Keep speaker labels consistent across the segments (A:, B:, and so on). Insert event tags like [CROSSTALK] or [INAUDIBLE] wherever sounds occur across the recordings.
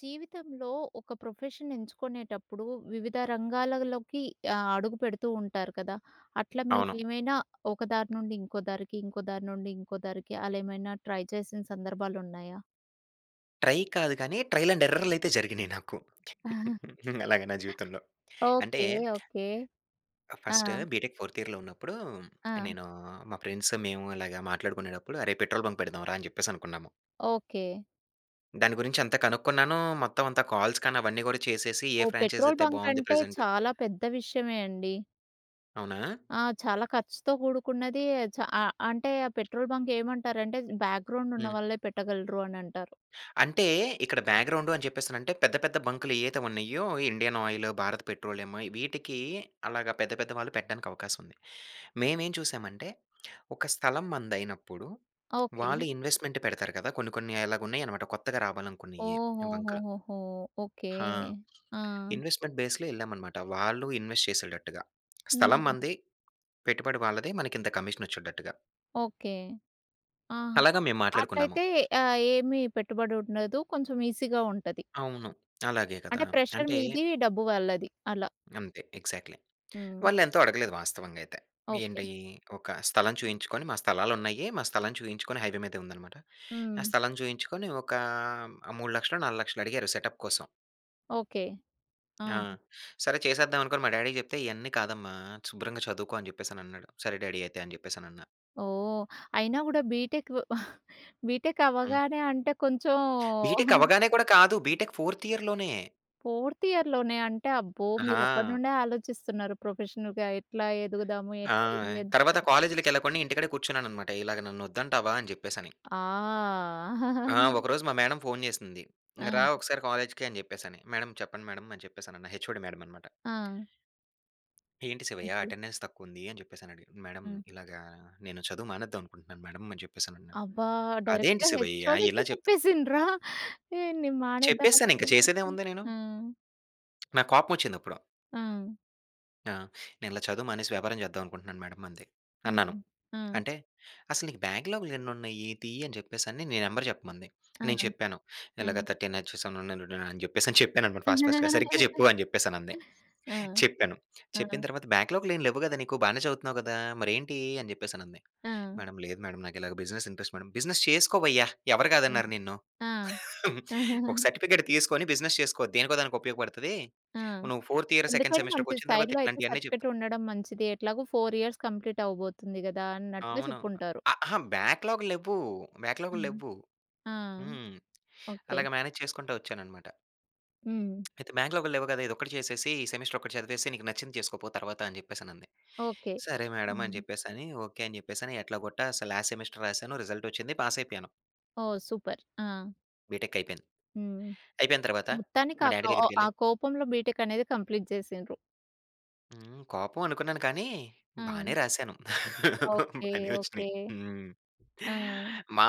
A: జీవితంలో ఒక ప్రొఫెషన్ ఎంచుకునేటప్పుడు వివిధ రంగాలలోకి ఆహ్, అడుగు పెడుతూ ఉంటారు కదా! అట్లా
B: అవును.
A: మీరేమైనా ఒక దారి నుండి ఇంకో దారికి, ఇంకో దారి నుండి ఇంకో దారికి అలా ఏమైనా ట్రై చేసిన సందర్భాలు ఉన్నాయా?
B: ట్రై కాదు కానీ. ట్రైల్ అండ్ ఎర్రర్‌ లైతే అయితే జరిగినాయి నాకు.
A: [CHUCKLES]
B: [CHUCKLES] అలాగా నా జీవితంలో. అంటే
A: ఓకె. ఓకె.
B: ఆ!
A: ఆ!
B: ఫస్ట్ బీటెక్ ఫోర్త్ ఇయర్‌లో ఉన్నప్పుడు,
A: ఆ!
B: నేను మా ఫ్రెండ్స్ మేము ఇలాగ మాట్లాడుకునేటప్పుడు అరే పెట్రోల్ బంక్ పెడదాం రా అని చెప్పేసి అనుకున్నాము.
A: ఓకె.
B: దాని గురించి అంతా కనుక్కున్నాను. మొత్తమంతా కాల్స్ కానీ అవన్నీ కూడా చేసేసి ఏ
A: ఓహ్!
B: ఫ్రాంఛైస్
A: పెట్రోల్
B: అయితే
A: బంక్
B: బాగుంది
A: అంటే
B: ప్రజెంటు
A: చాలా పెద్ద విషయమే అండి.
B: అవునా!
A: ఆ! చాలా ఖర్చుతో కూడుకున్నది. చా అ అంటే ఆ పెట్రోల్ బంక్ ఏమంటారంటే బ్యాక్‌గ్రౌండ్
B: హ్మ్.
A: ఉన్నవాళ్ళే పెట్టగలరు అనంటారు.
B: అంటే ఇక్కడ బ్యాక్‌గ్రౌండ్ అని చెప్పేసి అనంటే పెద్ద పెద్ద బంక్‌లు ఏవైతే ఉన్నాయో. Indian Oil, Bharat Petroleum. వీటికి అలాగా పెద్ద పెద్ద వాళ్ళు పెట్టడానికి అవకాశం ఉంది. మేమేం చూసామంటే, ఒక స్థలం మనదయినప్పుడు
A: ఓకె.
B: వాళ్ళు ఇన్వెస్ట్‌మెంట్ పెడతారు కదా! కొన్ని కొన్ని అలాగా ఉన్నాయన్నమాట. కొత్తగా రావాలనుకున్నయి బంక్‌లు.
A: ఓహోహోహోహో! ఓకే.
B: హా!
A: ఆ!
B: ఇన్వెస్ట్‌మెంట్ బేస్‌లో వెళ్ళామన్నమాట. వాళ్ళు ఇన్వెస్ట్ చేసేటట్టుగా స్థలం
A: హ్మ్.
B: మనది, పెట్టుబడి వాళ్ళది, మనకి ఇంత కమిషన్ వచ్చేటట్టుగా.
A: ఓకే. ఆ!
B: అలాగా మేము మాట్లాడుకున్నాము.
A: అట్లయితే ఆహ్, ఏమీ పెట్టుబడి ఉండదు. కొంచెం ఈసీగా ఉంటది.
B: అవును. అలాగే కదా!
A: అంటే ప్రెషర్
B: అంటే
A: మీది. డబ్బు వాళ్ళది అలా.
B: అంతే ఎగ్జాక్ట్‌లీ.
A: హ్మ్.
B: వాళ్ళు ఎంతో అడగలేదు వాస్తవంగా అయితే.
A: ఓకె.
B: ఏంటి ఒక స్థలం చూయించుకొని మా స్థలాలున్నాయి. మా స్థలం చూయించుకొని హైవే మీదే ఉందన్నమాట. ఆ
A: హ్మ్.
B: స్థలం చూయించుకొని ఒకా 3,00,000లో 4,00,000లో అడిగారు సెటప్ కోసం.
A: ఓకే.
B: ఆ!
A: ఆహా!
B: సరే చేసేద్దాం అనుకొని మా డ్యాడీకి చెప్తే, "ఇయన్నీ కాదమ్మా, శుభ్రంగా చదువుకో." అని జెప్పేసి అనన్నాడు. "సరే డ్యాడీ అయితే." అని జెప్పేసి అనన్నా.
A: ఓహ్! అయినా కూడా బీటెకు [CHUCKLES] బీటెక్
B: హ్మ్.
A: అవ్వగానే అంటే కొంచెం.
B: బీటెక్
A: [GIGGLES]
B: అవ్వగానే కూడా కాదు. బీటెక్ ఫోర్త్ ఇయర్‌లోనే.
A: ఫోర్త్ ఇయర్‌లోనే అంటే అబ్బో! మీరెప్పడి
B: ఆహా!
A: నుండే ఆలోచిస్తున్నారు, ప్రొఫెషనల్‌గా ఎట్లా ఎదుగుదాము?
B: ఆ!
A: ఏంటి? ఏం చేద్దాం
B: తర్వాత
A: అనేసి.
B: కాలేజిలకెళ్ళకుండా, ఇంటికాడే కూర్చున్నాననమాట. ఇలాగ నన్నొద్దంటావా? అని జెప్పేసని.
A: ఆ!
B: ఆ!
A: [GIGGLES]
B: ఒకరోజు మా మేడమ్ ఫోన్ జేసింది, "ఇంగ రా
A: ఆ!
B: ఒకసారి కాలేజ్‌కి." అని జెప్పేసని. "మేడమ్, చెప్పండి మేడమ్." అని చెప్పేసనన్నా. హెచ్ఓడి మేడమ్ అన్నమాట.
A: ఆ!
B: "ఏంటి శివయ్య,
A: ఓకే.
B: అటెండన్స్ తక్కువుంది?" అని జెప్పేసని అడిగింది. "మేడమ్,
A: హ్మ్.
B: ఇలాగా నేను చదువు మానేద్దాం అనుకుంటున్నాను మేడమ్." అని జెప్పేసనన్నా.
A: అబ్బా!
B: "అదేంటి
A: డైరెక్ట్‌గా
B: శివయ్య?
A: హెచ్ఓడికే
B: ఇలా చెప్త్"
A: చెప్పేసిండ్ర? [CHUCKLES] ఏయ్! నేను మానేద్దాం
B: చెప్పేసానింక.
A: అనుకుంటున్నా అని.
B: చేసేదేముంది నేను?
A: ఆ!
B: నాకు కోపం వచ్చింది అప్పుడో.
A: ఆ!
B: ఆ! "నేనిలా చదువు మానేసి, వ్యాపారం చేద్దాం అనుకుంటున్నాను మేడమ్ అంతె." అన్నాను.
A: హుహు. ఆ!
B: అంటే, "అసలు నీకు బ్యాక్లాగులెన్నున్నయి? తీయి." అని జెప్పేసని, నీ నెంబర్ జెప్పమంది.
A: ఆ!
B: నేను చెప్పాను, ఇలాగా
A: ఆ!
B: 13 హెచ్ 7 [UNINTELLIGIBLE] అని చెప్పేసి అని [CHUCKLES] చెప్పాననమాట, ఫాస్ట్ ఫాస్ట్‌గా. "సరిగ్గ
A: [GIGGLES]
B: జెప్పు." అని జెప్పేసనంది.
A: ఆ!
B: చెప్పాను, చెప్పిన
A: ఆ!
B: తర్వాత "బ్యాక్‌లాగ్‌లేం లెవ్వు గదా నీకు? బానే చదువుతున్నావు గదా? మరేంటి?" అని జెప్పేసనంది.
A: ఆ!
B: "మేడమ్ లేదు మేడమ్, నాకిలాగా బిజినెస్ ఇంట్రెస్ట్ మేడమ్." "బిజినెస్ చేసుకోవయ్యా! ఎవరు
A: హ్మ్.
B: కాదన్నారు నిన్ను?
A: ఆ!
B: [CHUCKLES] ఒక
A: [CHUCKLES]
B: సర్టిఫికేటు తీస్కొని బిజినెస్ చేసుకో, దేనికో దానికి ఉపయోగపడుతది.
A: ఆ!
B: నువ్వు ఫోర్త్ ఇయర్ సెకండ్
A: ఎందుకైనా మంచిది
B: సెమిస్టర్‌కొచ్చిన తర్వాత
A: సైడ్‌లో అయితే
B: ఇట్లాంటియన్నీ చెప్తు"
A: సర్టిఫికేటుండడం మంచిది. ఎట్లాగో 4 ఇయర్స్ కంప్లీట్ అవ్వబోతుంది గదా! అన్నట్టుగా
B: అవును.
A: చెప్పుంటారు.
B: అ, అహా! బ్యాక్‌లాగ్‌లు లెవ్వు. బ్యాక్‌లాగ్‌లు
A: హ్మ్.
B: లెవ్వు.
A: ఆ!
B: హ్మ్.
A: ఓకే.
B: అలగ మేనేజ్ చేసుకుంటా వచ్చాననమాట.
A: హ్మ్.
B: "అయితే బ్యాక్‌లాగ్‌లు లేవు కదా! ఇదొక్కటి చేసేసి ఈ సెమిస్టర్ ఒకటి చదివేసి, నీకు నచ్చింది చేసుకోపో తర్వాత" అని చెప్పేసనంది.
A: ఓకే.
B: సరే మేడమ్ అని
A: హ్మ్.
B: చెప్పేసని, ఓకే. అని చెప్పేసని ఎట్లాగోట్టా లాస్ట్ సెమిస్టర్ రాసాను. రిజల్ట్ వచ్చింది. పాస్ అయిపోయాను.
A: ఓహ్! సూపర్. ఆ!
B: బిటెక్ అయి‌‌పేంది.
A: హ్మ్.
B: అయిపోయిన తర్వాత,
A: మొత్తానికి
B: మా
A: ఆ
B: డాడీ
A: ఆ ఆ
B: దగ్గరికెళ్లి
A: కోపంలో బీటెక్ అనేది కంప్లీట్ చేసిండ్రు.
B: హ్మ్. కోపం అనుకున్నాను, కానీ
A: ఆ!
B: బానే రాశాను.
A: ఓకే.
B: బానే
A: ఓకే.
B: వచ్చినాయి. హ్మ్.
A: ఆ!
B: మా,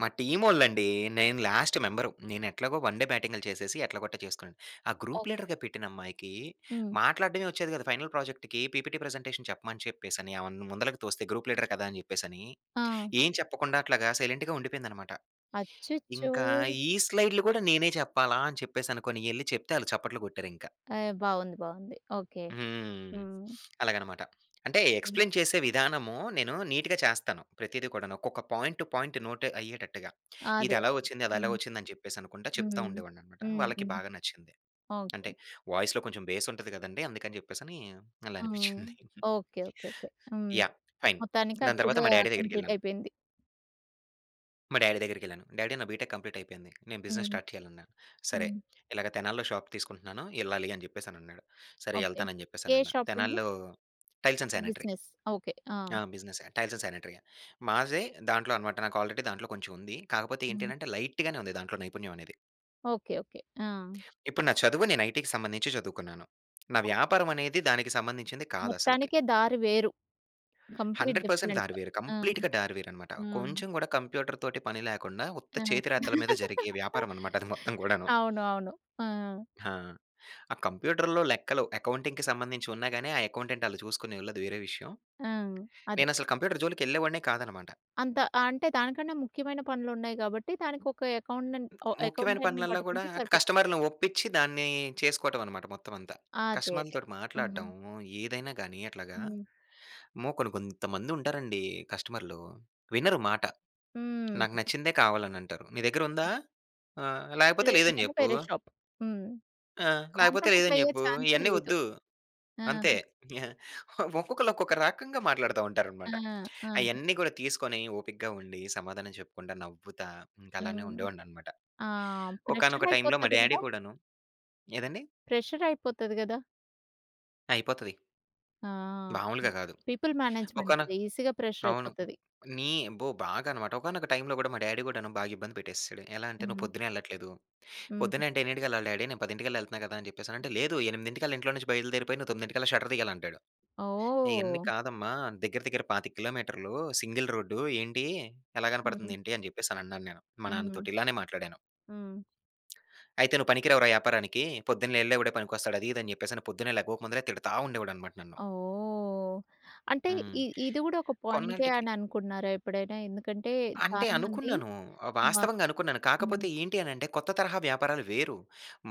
B: మా టీమ్ వోల్లండి నేను లాస్ట్ మెంబర్ నేనెట్లాగో వన్ డే బ్యాటింగ్ చేసేసి, ఎట్లగోట్ట చేసుకున్నాను. ఆ గ్రూప్
A: ఓకే.
B: లీడర్‌గా పెట్టిన అమ్మాయికి
A: హ్మ్.
B: మాట్లాడడమే వచ్చేది కాదు, ఫైనల్ ప్రాజెక్ట్‌కి పీపీటీ ప్రజెంటేషన్ చెప్పమని చెప్పేసని, ఆమె ముందలకి తోస్తే, గ్రూప్ లీడర్ కదా! అని చెప్పేసని,
A: ఆ!
B: ఏం చెప్పకుండా అట్లాగా సైలెంట్‌గా ఉండిపోయిందన్నమాట.
A: అచ్చచ్చో!
B: ఇంకా ఈ స్లైడ్లు కూడా నేనే చెప్పాలా అని చెప్పేసనుకోని ఎళ్లి చెప్తే, వాళ్ళు చప్పట్లు కొట్టారింకా.
A: ఏయ్ బావుంది. బావుంది. ఓకే.
B: హ్మ్.
A: హ్మ్.
B: అలాగనమాట అంటే
A: హ్మ్.
B: ఎక్స్‌ప్లైన్ చేసే విధానము, నేను నీట్‌గా చేస్తాను ప్రతీది కూడాను. ఒక్కొక్క పాయింట్ పాయింట్ నోట్ అయ్యేటట్టుగా. ఇది
A: అదే.
B: ఎలాగా వచ్చింది? అది ఎలాగా
A: హ్మ్.
B: వచ్చింది? అని చెప్పేసి అనుకుంటా చెప్తా
A: హ్మ్.
B: ఉండేవాడినన్నమాట
A: హ్మ్.
B: వాళ్ళకి
A: హ్మ్.
B: బాగా నచ్చింది. అంటే
A: ఓకే.
B: వాయిస్‌లో కొంచెం బేస్ ఉంటది కదండీ అందుకని చెప్పేసి అని అలా
A: ఆ!
B: అనిపించింది. [CHUCKLES]
A: ఓకే. ఓకే. ఓకే. హ్మ్.
B: యాహ్! ఫైన్.
A: మొత్తానికి అది
B: దాని తర్వాత
A: కూడా
B: మా డాడి
A: కంప్లీట్
B: దగ్గరికెళ్ళాను.
A: అయి‌పోయింది.
B: మా డ్యాడీ దగ్గరికెళ్ళాను. "డ్యాడీ నా బిటెక్ కంప్లీట్ అయిపోయింది నేను బిజినెస్
A: హ్మ్.
B: స్టార్ట్ చేయాలి" అన్నా. "సరే
A: హ్మ్.
B: ఇలాగ తెనాలిలో షాప్ తీసుకుంటున్నాను ఎళ్ళాలి." అని చెప్పేసి అని అన్నాడు. "సరే
A: ఓకే.
B: ఎళ్తాను" అని చెప్పేసి
A: ఏ
B: అని అన్నా.
A: షాప్ అండి?
B: తెనాలిలో టైల్స్ అండ్
A: అంటే
B: సానిటరీ.
A: బిజినెస్. ఓకే. ఆ!
B: ఆ! బిజినెసే. Tiles and sanitary. మాదే దాంట్లో అన్నమాట నాకు ఆల్రెడీ దాంట్లో కొంచెం ఉంది. కాకపోతే ఏంటి
A: హ్మ్.
B: అని అంటే లైట్‌గానే ఉంది దాంట్లో నైపుణ్యం అనేది.
A: ఓకే. ఓకే. ఆ!
B: ఇప్పుడు నా చదువు నేను ఐటీ‌కి సంబంధించి చదువుకున్నాను. నా
A: ఓకే.
B: వ్యాపారం అనేది దానికి సంబంధించింది కాదు అసలకి.
A: మొత్తానికే దారి వేరు. Complete
B: 100%
A: different.
B: దారి వేరు.
A: ఆ!
B: కంప్లీట్‌గా దారి వేరు అన్నమాట.
A: హ్మ్.
B: కొంచెం కూడా కంప్యూటర్‌తోటి పని లేకుండా ఉత్త
A: ఆ!
B: చేతి రాతల మీద
A: [LAUGHS]
B: జరిగే వ్యాపారం అన్నమాట అది [CHUCKLES] మొత్తం గూడాను.
A: అవునవును. ఆ!
B: ఆ! ఆ కంప్యూటర్‌లో లెక్కలు అకౌంటింగ్‌కి సంబంధించి ఉన్నాయి గాని ఆ అకౌంటెంట్ ఆళ్ళు చూసుకోనివ్వలేదు వేరే విషయం.
A: ఆ! అది.
B: నేను అసలు కంప్యూటర్ జోలికెళ్ళేవాడిని కాదన్నమాట.
A: అంత ఆహ్, అంటే దానికన్నా ముఖ్యమైన పనులు ఉన్నాయి కాబట్టి దానికి ఒక అకౌంటెం ఓహ్
B: ముఖ్యమైన
A: అకౌంటెంట్‌ని
B: పనులల్లా కూడా
A: పట్టుకుంటే సరిపోతుంది.
B: కస్టమర్‌ని ఒప్పించి దాన్ని చేసుకోవటం అన్నమాట మొత్తం అంతా.
A: అదే. అదే.
B: కస్టమర్‌లతోటి
A: హ్మ్.
B: మాట్లాడడం, ఏదైనా గాని అట్లాగా.
A: హ్మ్.
B: అమ్మో! కొన్ని కొంతమంది ఉంటారండి కస్టమర్‌లు. వినరు మాట. నాకు
A: హ్మ్.
B: నచ్చిందే కావాలి అని అంటారు. "నీ దగ్గర ఉందా? ఆ! లేకపోతే లేదని
A: లేదంటే
B: చెప్పు."
A: వేరే షాప్. హ్మ్.
B: "ఆ! లేకపోతే
A: కాంప్రమైజ్
B: లేదని
A: అయ్యే
B: చెప్పు.
A: ఛాన్సే
B: ఇయన్నీ
A: లేదు.
B: వద్దు.
A: ఆ!
B: అంతే." ఒక్కొక్కళ్ళు ఒక్కొక్క రకంగా మాట్లాడుతూ
A: ఆ!
B: ఉంటారన్నమాట.
A: ఆ!
B: అయన్నీ కూడా తీసుకొని ఓపిగ్గా ఉండి, సమాధానం చెప్పుకుంటా నవ్వుతా ఇంకా అలానే
A: హ్మ్.
B: ఉండేవాడిని అన్నమాట.
A: ఆ! ప్రెషర్
B: ఒకానొక టైమ్‌లో మా
A: అయిపోతది కదా!
B: డాడీ కూడాను ఏదండీ?
A: ప్రెషర్ అయిపోతది కదా!
B: అయిపోతది.
A: ఆ!
B: మాములుగా గాదు.
A: పీపుల్
B: ఒకాన
A: మేనేజ్‌మెంటుది ఈసీగా
B: అవును.
A: ప్రెషరయిపోతది.
B: నీ అబ్బో! బాగనమాట. ఒకానొక టైమ్‌లో గూడా, మా డ్యాడీ గూడాను బాగా ఇబ్బంది పెట్టేసేశాడు. ఎలా అంటే, "నువ్వు
A: హ్మ్.
B: పొద్దున్నెళ్ళట్లేదు."
A: హ్మ్.
B: పొద్దున్న అంటే ఎన్నింటికెళ్ళాలి డ్యాడీ నేను పదింటికల్లా యెళ్తన్నా కదా అని చెప్పేసనంటే, "లేదు, ఎనిమిదింటికల్లా ఇంట్లో నుంచి బయలుదేరిపోయి, నువ్వు తొమ్మిదింటికల్లా షట్టర్ దియ్యాలి" అంటాడు. ఇయన్నీ
A: ఓహ్!
B: కాదమ్మా! దెగ్గిర దెగ్గిర 25 కిలోమీటర్లూ, సింగిల్ రోడ్డూ ఏంటీ, ఎలా
A: హుహు.
B: కనపడతందేంటీ అని చెప్పేసనన్నాను నేను, మా
A: హ్మ్.
B: నాన్నతోటి, ఇలానే మాట్లాడాను.
A: హ్మ్.
B: [SMACKS LIPS] "అయితే నువ్వు పనికి రావు రా యాపారానికీ. పొద్దున్నే యెళ్ళే వాడే పనికొస్తాడు." అదీ, ఇదీ అని చెప్పేసని, పొద్దున్నే లేగవక ముందలే తిడతా ఉండేవాడనమాట నన్ను.
A: ఓహ్! అంటే,
B: హ్మ్.
A: ఇ ఇది గూడా ఒక పాయింటే
B: కొన్నాల్టకి
A: అని అనుకుంటున్నారా ఎప్పుడైనా? ఎందుకంటే,
B: అంటే,
A: చాలామంది
B: అనుకున్నాను. ఆహ్,
A: వా
B: వాస్తవంగా అనుకున్నాను. కాకపోతే,
A: హ్మ్.
B: ఏంటి అనంటే, కొత్త తరహా వ్యాపారాలు వేరు.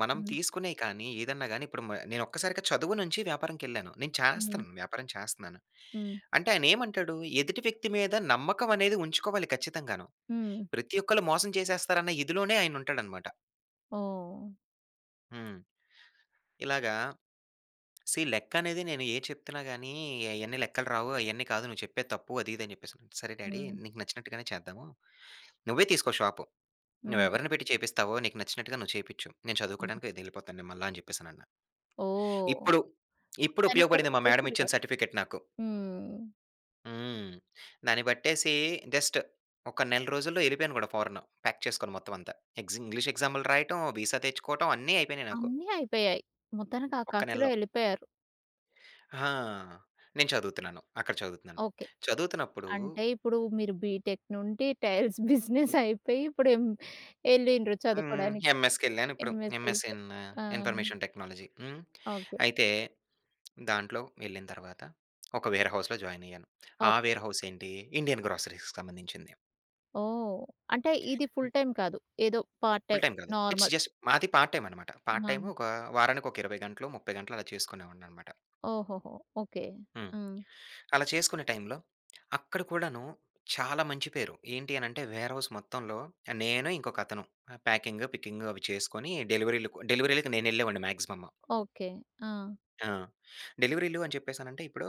B: మనం
A: హ్మ్.
B: తీసుకునేయి కానీ, ఏదన్నా గానీ, ఇప్పుడు మ నేనొక్కసారిగా చదువు నుంచి వ్యాపారానికెళ్ళాను. నేను
A: హ్మ్.
B: చేస్తన్నాను, వ్యాపారం చేస్తున్నాను.
A: హ్మ్.
B: అంటే, ఆయనేమంటాడు? ఎదుటి వ్యక్తి మీద నమ్మకవనేది ఉంచుకోవాలి ఖచ్చితంగాను.
A: హ్మ్.
B: ప్రతి ఒక్కళ్ళు మోసం చేసేస్తారన్న ఇదిలోనే ఆయనుంటాడనమాట.
A: ఓహ్!
B: హ్మ్. ఇలాగా సీ లెక్కనేది, నేనేది చెప్తున్నా గానీ, అయన్నీ లెక్కలు రావు, అయన్నీ కాదు, నువ్వు చెప్పేది తప్పు, అదీ ఇదీ అని చెప్పేసిసన్నాడు. సరే డ్యాడీ
A: హ్మ్.
B: నీకు నచ్చినట్టుగానే చేద్దాము. నువ్వే తీసుకో షాపు. నువ్వు
A: హ్మ్.
B: ఎవరిని పెట్టి చేపిస్తావో, నీకు నచ్చినట్టుగా నువ్వు చేపిచ్చు. నేను
A: హ్మ్.
B: చదువుకోడానికయితే యెళ్ళిపోతాను నేను మళ్ళా అని చెప్పేసనన్నా.
A: ఓహ్!
B: ఇప్పుడు, ఇప్పుడుపయోగపడింది
A: వెనకడుగు
B: మా
A: వెయ్యకుండా.
B: మేడమిచ్చిన సర్టిఫికెట్ నాకు.
A: హ్మ్.
B: హ్మ్. దాన్ని బట్టేసీ జస్ట్ ఒక నెల రోజుల్లో ఎ‌ళ్ళిపోయాను గూడా ఫారెను. ప్యాక్ చేసుకొని మొత్తం అంతా. ఎగ్జింగ్ ఇంగ్లీష్ ఎగ్జాములు రాయటం వీ‌సా తెచ్చుకోవటం అన్నీ అయిపోయినయి నాకు.
A: అన్నీ అయిపోయాయి. మొత్తానికి ఆ
B: ఒక్క
A: కాస్తలో
B: నెల్లో.
A: వెళ్ళిపోయారు.
B: హా! నేను చదువుతున్నాను. అక్కడ చదువుతున్నాను.
A: ఓకే.
B: చదువుతున్నప్పుడూ
A: అంటే ఇప్పుడూ మీరు బీటెక్ నుండి [CHUCKLES] టైల్స్ బిజినెస్ అయిపోయి ఇప్పుడు ఎం ఎ‌ళ్ళిన్రు
B: హ్మ్.
A: చదువుకోడానికి.
B: ఎంఎస్‌కెళ్ళానిప్పుడు.
A: ఎంఎస్‌కి
B: ఎంఎస్
A: ఎళ్ళిపోయారు.
B: ఇన్
A: ఆ!
B: Information technology. హ్మ్.
A: ఓకే.
B: అయితే, దాంట్లో వెళ్ళిన తర్వాత ఒక వేర్‌హౌస్‌లో జాయిన్ అయ్యాను. ఆ
A: ఓకె.
B: వేర్‌హౌస్ ఏంటీ ఇండియన్ గ్రోసరీస్‌కి సంబంధించింది.
A: ఓహ్! అంటే, ఇది ఫుల్ టైమ్ కాదు. ఏదో పార్ట్
B: ఫుల్
A: టైమ్
B: టైమ్ కాదు. It's
A: normal.
B: జస్ట్ మాది పార్ట్ టైమ్ అనమాట. పార్ట్
A: ఆ!
B: టైమ్ ఒకా వారానికి ఒక 20 గంటలు 30 గంటలు అలా చేసుకొ‌నేవాడిని అన‌మాట.
A: ఓహోహో! ఓకే.
B: హ్మ్.
A: హ్మ్.
B: అలా చేసుకునే టైమ్‌లో, అక్కడ కూడాను చాలా మంచి పేరు ఏంటి అని అంటే, వేర్‌హౌస్ మొత్తంలో, నేను ఇంకొక అతను ప్యాకింగ్, పికింగ్ అవి చేసుకొని డెలివరీలకు డెలివరీ‌లకు నేను ఎళ్ళేవాడిని మాక్సిమం.
A: ఓకే. ఆ!
B: ఆ! డెలివరీలు అని చెప్పేసనంటే ఇప్పుడూ,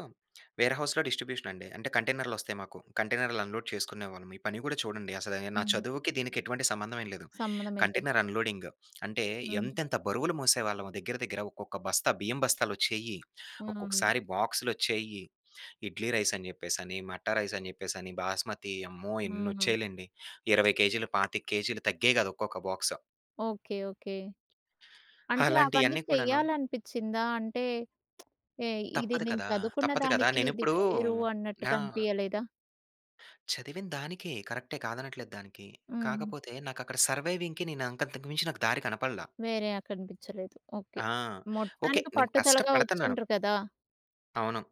B: వేర్‌హౌస్‌లో డిస్ట్రిబ్యూషన్ అండి. అంటే కంటైనర్‌లు వస్తాయి మాకు. కంటైనర్‌లు అన్‌లోడ్ చేసుకునేవాళ్ళమి. ఈ పని గూడా చూడండి. అసలు ఏహ్ నా
A: హ్మ్.
B: చదువుకి దీనికి ఎటువంటి సంబంధం ఏం లేదు.
A: సంబంధం ఏం లేదు.
B: Container unloading. అంటే
A: హ్మ్.
B: ఎంతెంత బరువులు మోసేవాళ్ళమో దగ్గర దగ్గర ఒక్కొక్క బస్తా బియ్యం బస్తాలు వచ్చేయి.
A: హ్మ్.
B: ఒక్కొక్కసారి బాక్సులొచ్చేయి. ఇడ్లీ రైస్ అని చెప్పేసి అని, మట్టా రైస్ అని చెప్పేసి అని, బాస్మతి అమ్మో!
A: ఆ!
B: ఎన్నొచ్చేయి‌లేండి. 20 కేజీలు 25 కేజీలు తగ్గేయి గాదు ఒక్కొక్క బాక్స్.
A: Okay okay. అంటే
B: అలాంటి
A: అవన్నీ
B: అన్నీ కూడాను
A: చెయ్యాలనిపించిందా? అంటే [SMACKS LIPS] ఏయ్! ఇది
B: తప్పదు
A: నేను
B: కదా!
A: చదువుకున్న
B: తప్పదు కదా!
A: దానికి ఇది
B: నేనెప్పుడూ
A: వేరు అన్నట్టు
B: ఆ!
A: కనిపియలేదా?
B: చదివిన దానికే కరక్టే కాదనట్లేదు దానికి.
A: హ్మ్.
B: కాకపోతే నాకక్కడ సర్వైవింగ్‌కి నేను అంత అంతకుమించి నాకు దారి కనపడలా.
A: వేరే. ఆ కనిపించలేదు. ఓకే.
B: ఆ! ఓకే.
A: మొత్తానికి
B: నేను
A: పట్టుదలగా
B: కష్టపడతన్నాను
A: వచ్చిండ్రు కదా!
B: అవును.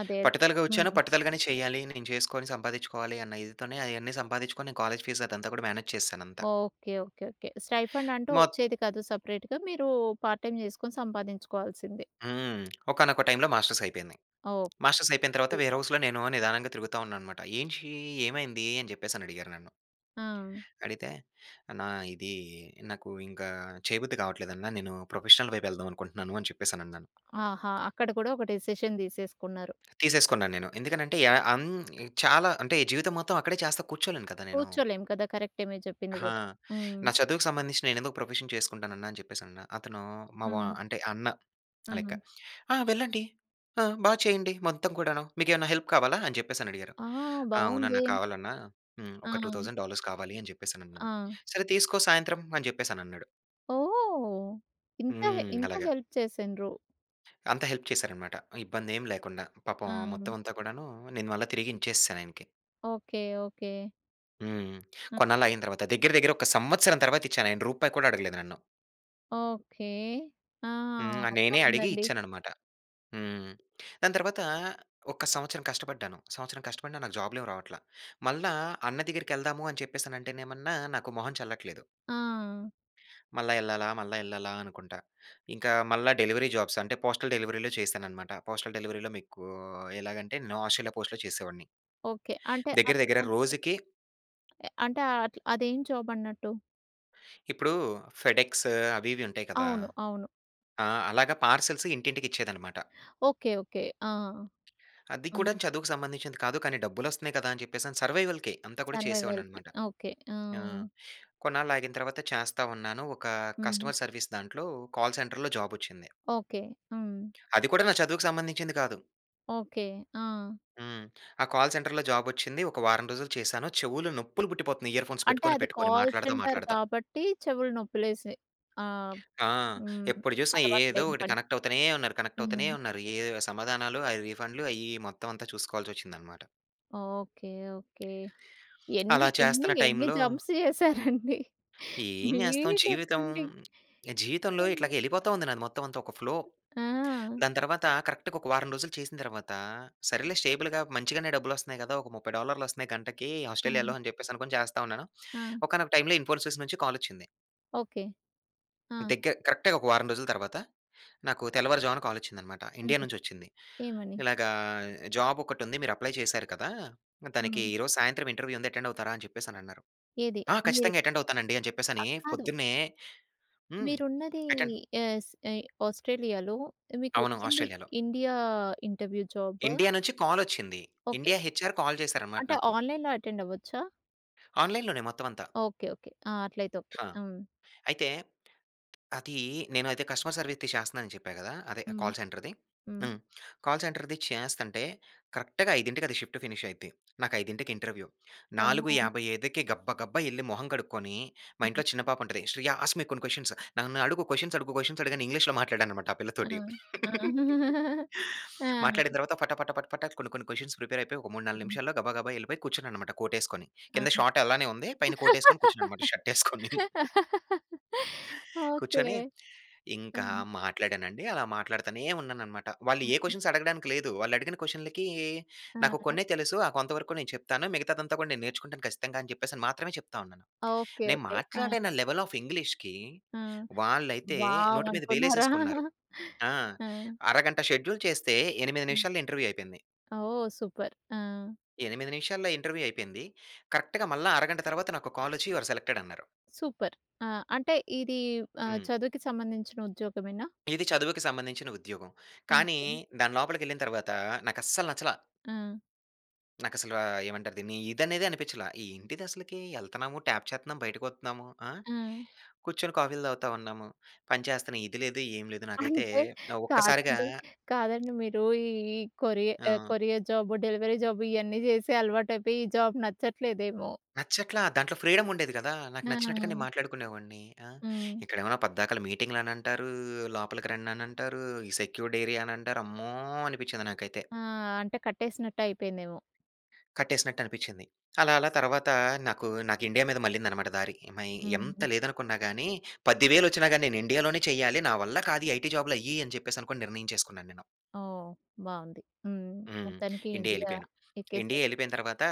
A: అదే అదే.
B: పట్టుదలగా వచ్చాను.
A: హ్మ్.
B: పట్టుదలగానే చేయాలి. నేను చేసుకొని సంపాదించుకోవాలి. అన్న ఇదితోనే అయన్నీ సంపాదించుకొని, నేను కాలేజీ ఫీజ్ అదంతా కూడా మేనేజ్ చేశాను అంతా.
A: ఓకే. ఓకే. ఓకే. స్టైఫండ్ అంటూ
B: మొత్
A: వచ్చేది కాదు. సెపరేట్‌గా మీరు పార్ట్ టైమ్ చేసుకొని సంపాదించుకోవాల్సిందే?
B: హ్మ్. [CLICKS TONGUE] ఒకానొక టైమ్‌లో మాస్టర్స్ అయిపోయింది.
A: ఓకే.
B: మాస్టర్స్ అయిపోయిన తర్వాత వేర్
A: తూపర్.
B: హౌస్‌లో నేను నిదానంగా తిరుగుతా ఉన్నాన్నమాట. "ఏంటి? ఏమైంది?" అని చెప్పేసని అడిగారు నన్ను?
A: ఆ!
B: అడిగితే అన్నా ఇది నాకు ఇంకా చేయబుద్ధి కావట్లేదన్న. నేను ప్రొఫెషనల్ వైపు వెళ్దాం అనుకుంటున్నాను అని చెప్పేసనన్నాను.
A: ఆహా! అక్కడ కూడా ఒక డెసిషన్ తీసేసుకున్నారు.
B: తీసేసుకున్నానేను. ఎందుకనంటే, యా హ్మ్. చాలా అంటే జీవితం మొత్తం అక్కడే చేస్తా కూర్చోలేను కదా! నేను.
A: కూర్చోలేం కదా! కరెక్టే మీరు చెప్పింది
B: హా!
A: కూడా. హ్మ్.
B: నా చదువుకు సంబంధించిన నేనెందుకు ప్రొఫెషన్ చేసుకుంటానన్నా అని చెప్పేసి అన్నా. అతను మావ
A: హ్మ్.
B: అంటే అన్న లెక్క.
A: హ్మ్.
B: "ఆహ్, వెళ్ళండి. ఆహ్, బా చేయండి మొత్తం కూడాను. మీకేమైనా హెల్ప్ కావాలా" అని చెప్పేసని అడిగారు.
A: ఆహ్!
B: ఆ! అవునన్నా,
A: బావుందే.
B: కావాలన్నా. హ్మ్. ఒక టూ
A: ఆ!
B: తౌజండ్ డాలర్స్ కావాలి అని చెప్పేసి అనన్నాను.
A: ఆ!
B: "సరే తీసుకో సాయంత్రం" అని చెప్పేసి అనన్నాడు.
A: ఓహ్! ఇంత హె
B: హ్మ్.
A: ఇంత
B: అలాగ.
A: హెల్ప్ చేసిన్రు.
B: అంత హెల్ప్ చేశారనమాట, ఇబ్బందేం లేకుండా. పాపం ఆ
A: ఆ!
B: మొత్తవంతా కూడానూ, నేను మళ్ళ తిరిగి ఇన్చేశాను ఆయనకి.
A: ఓకే. ఓకే.
B: హ్మ్.
A: అ!
B: కొన్నాళ్ళాగిన తర్వాత, దెగ్గిర దెగ్గిర ఒక సంవత్సరం తర్వాత ఇచ్చాను. ఆయన రూపాయి కూడా అడగలేదు నన్ను.
A: ఓకే. ఆ!
B: హ్మ్. ఆహ్, నేనే అడిగి
A: బావుందండి.
B: ఇచ్చాననమాట. హ్మ్. దాని తర్వాతా, ఒక సంవత్సరం కష్టపడ్డాను. సంవత్సరం కష్టపడినా నాకు జాబ్‌లేమీ రావట్ల. మళ్ళా అన్న దెగ్గిరకెళ్దాము అని చెప్పేసి అంటేనేమన్నా, నాకు మొహం చెల్లట్లేదు.
A: ఆ!
B: మళ్ళా యెళ్ళాలా, మళ్ళా యెళ్ళాలా అనుకుంటా. ఇంకా మళ్ళా డెలివరీ జాబ్స్ అంటే, పోస్టల్ డెలివరీలో చేశానఅనమాట. పోస్టల్ డెలివరీలో మీకూ ఎలాగంటే, నొఆషీలో పోస్ట్‌లో చేసేవాడిని.
A: ఓకే. అంటే,
B: దెగ్గిర
A: అది
B: దెగ్గిర
A: అదీ
B: రోజుకి
A: య అంటే, ఆట్ల్ అదేం జాబన్నట్టు?
B: ఇప్పుడూ ఫెడ్‌ఎక్స్ అవి ఇవి ఉంటాయి కదా!
A: అవును. అవును.
B: ఆ! అలాగా పార్సెల్స్ ఇంటింటికిచ్చేదనమాట.
A: ఓకే. ఓకే. ఆ!
B: అది
A: హ్మ్.
B: కూడాను చదువుకు సంబంధించింది కాదు, కానీ డబ్బులొస్తన్నయి కదా అని చెప్పేసని సర్వైవల్‌కే అంతా కూడా
A: సర్వైవల్‌కి
B: చేసేవాడిననమాట.
A: ఓకే.
B: ఆ!
A: ఆ!
B: కొన్నాళ్ళు ఆగిన తర్వాత చేస్తా ఉన్నాను. ఒకా
A: హ్మ్.
B: కస్టమర్ సర్విస్ దాంట్లో కాల్ సెంటర్‌లో జాబొచ్చింది.
A: ఓకే. హ్మ్.
B: అది కూడా నా చదువుకు సంబంధించింది కాదు.
A: ఓకే. ఆ!
B: హ్మ్. ఆ కాల్ సెంటర్‌లో జాబొచ్చింది. ఒక వారం రోజులు చేశాను. చెవులు నొప్పులు పుట్టిపోతున్నయి ఇయర్ ఫోన్స్
A: అంటే,
B: పెట్టుకొని,
A: అది
B: పెట్టుకొని,
A: కాల్
B: మాట్లాడతా,
A: సెంటర్
B: మాట్లాడతా.
A: కాబట్టి చెవులు నొప్పిలేశాయ్. ఆ!
B: ఆ!
A: హ్మ్.
B: ఎప్పుడు చూసినా
A: అలవాటు
B: ఏదో
A: లేని
B: ఒకటి
A: పని.
B: కనెక్టవుతానే ఉన్నారు, కనెక్టవుతానే
A: హ్మ్.
B: ఉన్నారు. ఏదొవ సమాధానాలు, ఆ రీఫండ్‌లు అయ్యి, ఇయ్యి మొత్తవంతా చూసుకోవాల్సొచ్చిందనమాట.
A: ఓకే. ఓకే. ఎన్ని,
B: అలా
A: ఎన్ని,
B: చేస్తున్న
A: ఎన్ని
B: టైమ్‌లో
A: జంప్స్ [CHUCKLES] చేసారండి?
B: ఏం చేస్తాం
A: బీటెక్
B: జీవితం.
A: నుండి.
B: జీవితంలో
A: హ్మ్.
B: ఇట్లాగా వెళ్ళిపోతా ఉంది నాది మొత్తం అంతా ఒక ఫ్లో.
A: ఆ!
B: దాని తర్వాత కరెక్ట్‌గా ఒక వారం రోజులు చేసిన తర్వాతా, సరేలే స్టేబుల్‌గా మంచిగానే డబ్బులు వస్తున్నాయి కదా! ఒక 30 డాలర్‌లు వస్తున్నాయి గంటకి ఆస్ట్రేలియాలో
A: ఆ!
B: అని చెప్పేసి అనుకొని చేస్తా ఉన్నాను.
A: ఆ!
B: ఒకానొక టైమ్‌లో ఇన్‌ఫోసిస్ నుంచి కాల్ వచ్చింది.
A: ఓకే. ఆ!
B: దగ్గర కరెక్ట్‌గా ఒక వారం రోజుల తర్వాత నాకు తెల్లవారుజామున కాల్ వచ్చిందన్నమాట. ఇండియా
A: హ్మ్.
B: నుంచి వచ్చింది.
A: ఏమని?
B: ఇలాగా "జాబ్ ఒకటి ఉంది మీరు అప్లై చేసారు కదా! దానికి
A: హ్మ్.
B: ఈరోజు సాయంత్రం ఇంటర్వ్యూ ఉంది అటెండ్ అవుతారా?" అని చెప్పేసి అని అన్నారు.
A: ఏది?
B: ఆ!
A: మీరు
B: ఖచ్చితంగా అటెండ్ అవుతానండి అని
A: ఆ!
B: చెప్పేసని
A: కాదు.
B: పొద్దున్నే హ్మ్.
A: మీరు ఉన్నది
B: అటెండ్
A: యస్ ఆహ్, ఆస్ట్రేలియాలో, మీకు
B: అవును.
A: వచ్చింది
B: ఆస్ట్రేలియాలో.
A: India interview job.
B: ఇండియా నుంచి కాల్ వచ్చింది.
A: ఓకే.
B: ఇండియా హెచ్ఆర్ కాల్ చేశారనమాట
A: అంటే,
B: నాకు.
A: ఆన్‌లైన్‌లో అటెండ్ అవ్వొచ్చా?
B: ఆన్‌లైన్‌లోనే మొత్తం అంతా.
A: ఓకే. ఓకే. ఆ! అట్లయితే ఓకే.
B: హా!
A: ఆహ్!
B: అయితే, అది నేను అయితే కస్టమర్ సర్విస్‌ది చేస్తున్నాను అని చెప్పా కదా! అదే
A: హ్మ్.
B: కాల్ సెంటర్‌ది.
A: హ్మ్.
B: హ్మ్. కాల్ సెంటర్‌ది చేస్తంటే కరెక్ట్‌గా 5:00కి అది షిఫ్ట్ ఫినిష్ అయిద్ది. నాకు 5:00 ఇంటర్వ్యూ. నాలుగు
A: ఓహో!
B: యాభై ఐదుకి గబ్బ గబ్బా ఎళ్లి మొహం కడుక్కొని, మా
A: హ్మ్.
B: ఇంట్లో చిన్న పాప ఉంటది. "శ్రియ ఆస్క్ మీ కొన్ని క్వశ్చన్స్, నన్ను అడుగు, క్వశ్చన్స్ అడుగు క్వశ్చన్స్" అడగని ఇంగ్లీష్‌లో మాట్లాడాను అన్నమాట ఆ
A: ఆ!
B: పిల్లతోటి. [CHUCKLES]
A: [GIGGLES] ఆ!
B: మాట్లాడిన తర్వాత పట పట పట పట కొన్ని కొన్ని క్వశ్చన్స్‌కి ప్రిపేర్ అయిపోయి ఒక 3, 4
A: హ్మ్.
B: నిమిషాల్లో గబా గబా వెళ్ళిపోయి కూర్చున్నాన్నమాట కోటు ఏసుకొని.
A: ఆ!
B: కింద షార్ట్ అలానే ఉంది. పైన కోట్ ఎసుకొని కూర్చున్నాను అన్నమాట [CHUCKLES] షర్ట్ ఏసుకొని.
A: [LAUGHS] ఓకే.
B: కూర్చొని
A: ఆ!
B: ఇంకా మాట్లాడానండి. అలా మాట్లాడుతూనే ఉన్నానన్నమాట. వాళ్ళు ఏ
A: హుహు.
B: క్వశ్చన్స్ అడగడానికి లేదు. వాళ్ళు అడిగిన క్వశ్చన్‌లకి నాకు
A: ఆ!
B: కొన్నే తెలుసు ఆ కొంత వరకు నేను చెప్తాను మిగతాదంతా కూడా నేను నేర్చుకుంటాను ఖచ్చితంగా అని చెప్పేసి మాత్రమే చెప్తా ఉన్నాను.
A: ఓకే.
B: నేను
A: ఓకే. ఆ!
B: మాట్లాడిన లెవెల్ ఆఫ్ ఇంగ్లీష్‌కి
A: ఆ!
B: వాళ్ళైతే
A: వావ్!
B: నోటి మీద
A: అనుకున్నారా!
B: వేలేసేసుకున్నారు.
A: [GIGGLES]
B: ఆ!
A: ఆ!
B: అరగంట షెడ్యూల్ చేస్తే 8
A: హ్మ్.
B: నిమిషాల్లో ఇంటర్వ్యూ అయిపోయింది.
A: ఓహ్! సూపర్. ఆ!
B: 8 నిమిషాల్లో ఇంటర్వ్యూ అయిపోయింది. కరెక్ట్‌గా మళ్ళా అరగంట తర్వాత నాకు కాల్ వచ్చి "యుఆర్ సెలెక్టెడ్" అన్నారు.
A: సూపర్. ఆ! అంటే, ఇది ఆహ్
B: హ్మ్.
A: ,చదువుకి సంబంధించిన ఉద్యోగమేనా?
B: ఇది చదువుకి సంబంధించిన ఉద్యోగం. కానీ
A: ఓకే.
B: దాని లోపలికెళ్ళిన తర్వాత నాకు అస్సలు నచ్చలా.
A: ఆ!
B: నాకసల ఏమంటారు దీన్ని! ఇది అనేదే అనిపించలా. ఏంటిది అసలకి? ఎళ్తున్నాము ట్యాప్ చేత్తన్నాం, బయటకి వత్తున్నాము ఆహ్,
A: హ్మ్.
B: కూర్చొని కాఫీలు తాగుతా ఉన్నాము, పనిచేస్తున్నాం. ఇది లేదు, ఏమి లేదు.
A: [CHUCKLES]
B: నాకైతే
A: అంటే
B: ఒక్కసారిగా
A: కాదండి, కాదండి మీరు ఈ కొరి ఆహ్,
B: ఆ!
A: కొరియర్ జాబు, డెలివరీ జాబు ఇయన్నీ చేసే అలవాటు అయిపోయి, ఈ జాబ్ నచ్చట్లేదేమో!
B: నచ్చట్లా. దాంట్లో ఫ్రీడమ్ ఉండేది కదా! నాకు నచ్చినట్టుగా నేను
A: ఆ!
B: మాట్లాడుకునేవాడిని. ఆహ్,
A: హ్మ్.
B: ఇక్కడేమన్నా పద్దాకల, మీటింగ్‌లు అని అంటారు. లోపలికి రండి అని అంటారు. ఈ సెక్యూర్డ్ ఏరియా అని అంటారు, అమ్మో! అనిపించింది నాకైతే.
A: ఆహ్, అంటే కట్టేసినట్టు అయిపోయిందేమో!
B: కట్టేసినట్టు అనిపిచ్చింది. అలా, అలా తర్వాత నాకు, నాకు ఇండియా మీద మల్లిందన్నమాట దారి. మయి ఎంత
A: హ్మ్.
B: లేదనుకున్నా గాని, 10,000 వచ్చినా గాని, నేను ఇండియాలోనే చేయాలి. నా వల్ల కాదు ఐటీ జాబ్‌లు అయ్యి అని చెప్పేసి, అనుకోని నిర్ణయించేసుకున్నాను నేను.
A: ఓహ్! బాగుంది, హ్మ్.
B: హ్మ్,
A: మొత్తానికి
B: ఇండియా
A: ఇండియా
B: ఎళ్ళిపోయాను.
A: ఎక్కేసారు.
B: ఇండియా ఎళ్ళిపోయిన తర్వాత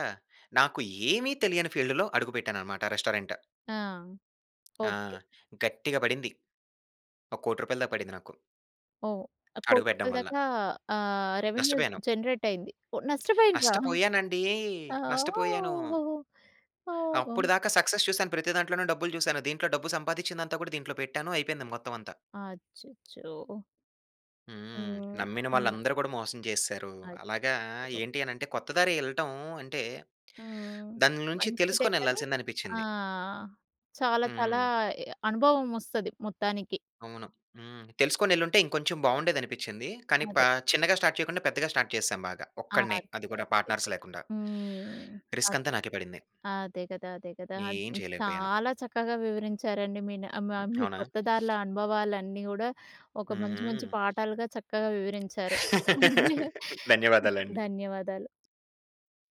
B: నాకు ఏమి తెలియని ఫీల్డ్‌లో అడుగుపెట్టానన్నమాట రెస్టారెంట్.
A: ఆ!
B: ఆ!
A: ఓకె.
B: గట్టిగా పడింది. ఒక 1,00,00,000 దాక పడింది నాకు.
A: ఓహ్! కోటి
B: అడుగుపెడ్దం
A: రూపాయలు
B: వల్ల.
A: దాకా ఆహ్, రెవెన్యూ
B: నష్టపోయాను.
A: జెనెరేట్ అయింది. నష్టపోయిన్రా!
B: నష్టపోయానండీ.
A: ఆ ఓహ్!
B: నష్టపోయాను.
A: ఓహొహొ! ఓహ్!
B: అప్పటిదాకా సక్సెస్ చూశాను. ప్రతి దాంట్లోనూ డబ్బులు చూశాను. దీంట్లో డబ్బు సంపాదిచ్చిందంతా కూడా దీంట్లో పెట్టాను. అయిపోయింది మొత్తం అంతా.
A: అచ్చచ్చో!
B: హ్మ్.
A: హ్మ్.
B: నమ్మిన
A: [UNINTELLIGIBLE]
B: వాళ్ళందరూ కూడా మోసం చేసేసారు. అలాగా
A: అచ్చచ్చో!
B: ఏంటి అని అంటే, కొత్త దారి యెళ్ళటం అంటే,
A: హ్మ్,
B: దాని నుంచి
A: మంచిదే కానీ,
B: తెలుసుకొనెళ్ళాల్సింది అనిపించింది.
A: ఆహ్, చాలా, చాలా
B: హ్మ్.
A: అనుభవం వొస్తది మొత్తానికి.
B: అవును. హ్మ్. తెలుసుకొని ఎళ్ళుంటే ఇంకొంచెం బావుండేది అనిపిచ్చింది. కానీ ప
A: అదే.
B: చిన్నగా స్టార్ట్ చేయకుండా, పెద్దగా స్టార్ట్ చేసాం బాగా
A: ఆ!
B: ఒక్కడినే.
A: అదే.
B: అది కూడా
A: అదే.
B: పార్ట్నర్స్
A: అదే.
B: లేకుండా.
A: హ్మ్,
B: రిస్క్ అంతా
A: అదే.
B: నాకే పడింది.
A: అదే కదా! అదే కదా!
B: ఏం
A: అది.
B: చేయలేకపోయాను.
A: చాలా చక్కగా వివరించారండి. మీ నమ్ మ
B: హ్మ్.
A: మీ
B: అవునా!
A: కొత్త దారుల అనుభవాలన్నీ కూడా ఒక మంచి, మంచి
B: హుహు.
A: పాఠాలుగా చక్కగా వివరించారు.
B: [LAUGHS]
A: [CHUCKLES]
B: ధన్యవాదాలండి.
A: ధన్యవాదాలు.